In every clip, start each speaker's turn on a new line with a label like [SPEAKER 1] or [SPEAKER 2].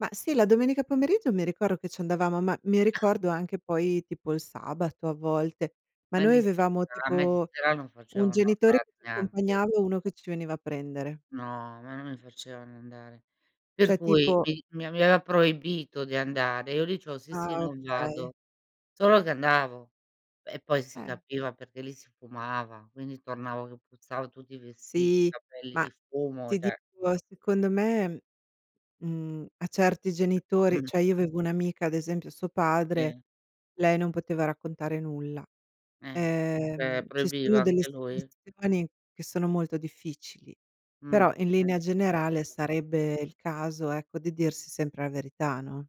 [SPEAKER 1] Mah, sì, la domenica pomeriggio mi ricordo che ci andavamo, ma mi ricordo anche poi, tipo il sabato a volte, ma
[SPEAKER 2] A me
[SPEAKER 1] noi
[SPEAKER 2] di
[SPEAKER 1] avevamo,
[SPEAKER 2] sera a me di
[SPEAKER 1] tipo,
[SPEAKER 2] sera non
[SPEAKER 1] 1
[SPEAKER 2] facevano
[SPEAKER 1] genitore
[SPEAKER 2] andare,
[SPEAKER 1] [unintelligible]
[SPEAKER 2] neanche.
[SPEAKER 1] accompagnava e 1 che ci veniva a prendere.
[SPEAKER 2] No, ma non mi facevano andare. Per
[SPEAKER 1] Cioè,
[SPEAKER 2] cui,
[SPEAKER 1] tipo
[SPEAKER 2] mi mi aveva proibito di andare, e io dicevo: "Sì,
[SPEAKER 1] Ah,
[SPEAKER 2] sì, non
[SPEAKER 1] okay.
[SPEAKER 2] vado". Solo che andavo, e poi s si
[SPEAKER 1] Eh.
[SPEAKER 2] capiva, perché lì si fumava, quindi tornavo che puzzavo tutti i vestiti, i
[SPEAKER 1] Sì,
[SPEAKER 2] capelli
[SPEAKER 1] ma,
[SPEAKER 2] di fumo,
[SPEAKER 1] ti
[SPEAKER 2] cioè.
[SPEAKER 1] dico, secondo me, mhmm, a certi genitori cioè, io avevo un'amica, ad esempio, a suo padre,
[SPEAKER 2] Sì.
[SPEAKER 1] lei non poteva raccontare nulla.
[SPEAKER 2] Eh
[SPEAKER 1] Ehm,
[SPEAKER 2] [unintelligible]
[SPEAKER 1] ci
[SPEAKER 2] proibiva,
[SPEAKER 1] sono delle
[SPEAKER 2] anche lui?
[SPEAKER 1] situazioni che sono molto difficili,
[SPEAKER 2] Mh.
[SPEAKER 1] però, in linea generale,
[SPEAKER 2] [unintelligible]
[SPEAKER 1] sarebbe il caso, ecco, di dirsi sempre la verità, no?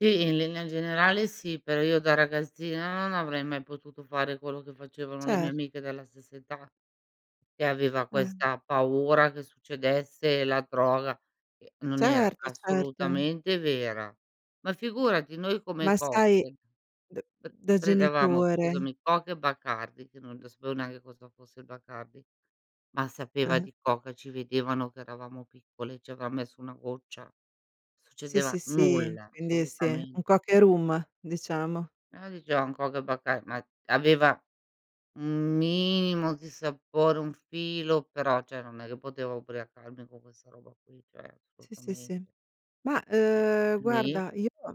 [SPEAKER 2] Sì, in linea generale sì, però io, da ragazzina, non avrei mai potuto fare quello che facevano le mie
[SPEAKER 1] Cert
[SPEAKER 2] amiche della stessa età, e aveva
[SPEAKER 1] Eh.
[SPEAKER 2] questa paura che succedesse la droga, che non era
[SPEAKER 1] Certo, certo.
[SPEAKER 2] assolutamente vera. Ma figurati! Noi
[SPEAKER 1] Ma
[SPEAKER 2] come
[SPEAKER 1] sai,
[SPEAKER 2] cocktail
[SPEAKER 1] d
[SPEAKER 2] pr
[SPEAKER 1] da
[SPEAKER 2] prendevamo,
[SPEAKER 1] genitore
[SPEAKER 2] scusami, Coca e Bacardi, che non l sapevo neanche cosa fosse il Bacardi, ma sapeva
[SPEAKER 1] Ah-ah.
[SPEAKER 2] di Coca, ci vedevano che eravamo piccoli, ci avran messo una goccia.
[SPEAKER 1] Sì,
[SPEAKER 2] Succedeva
[SPEAKER 1] sì, sì,
[SPEAKER 2] nulla,
[SPEAKER 1] quindi sì, un
[SPEAKER 2] assolutamente.
[SPEAKER 1] Coca e Rum, diciamo.
[SPEAKER 2] Eh, dicevan: "Coca e Bacar" ma aveva un minimo di sapore, un filo, però, cioè non è che potevo ubriacarmi con questa roba qui, cioè,
[SPEAKER 1] Sì, sì,
[SPEAKER 2] assolutament
[SPEAKER 1] sì. Mah,
[SPEAKER 2] Eh,
[SPEAKER 1] uhm,
[SPEAKER 2] nì.
[SPEAKER 1] guarda, io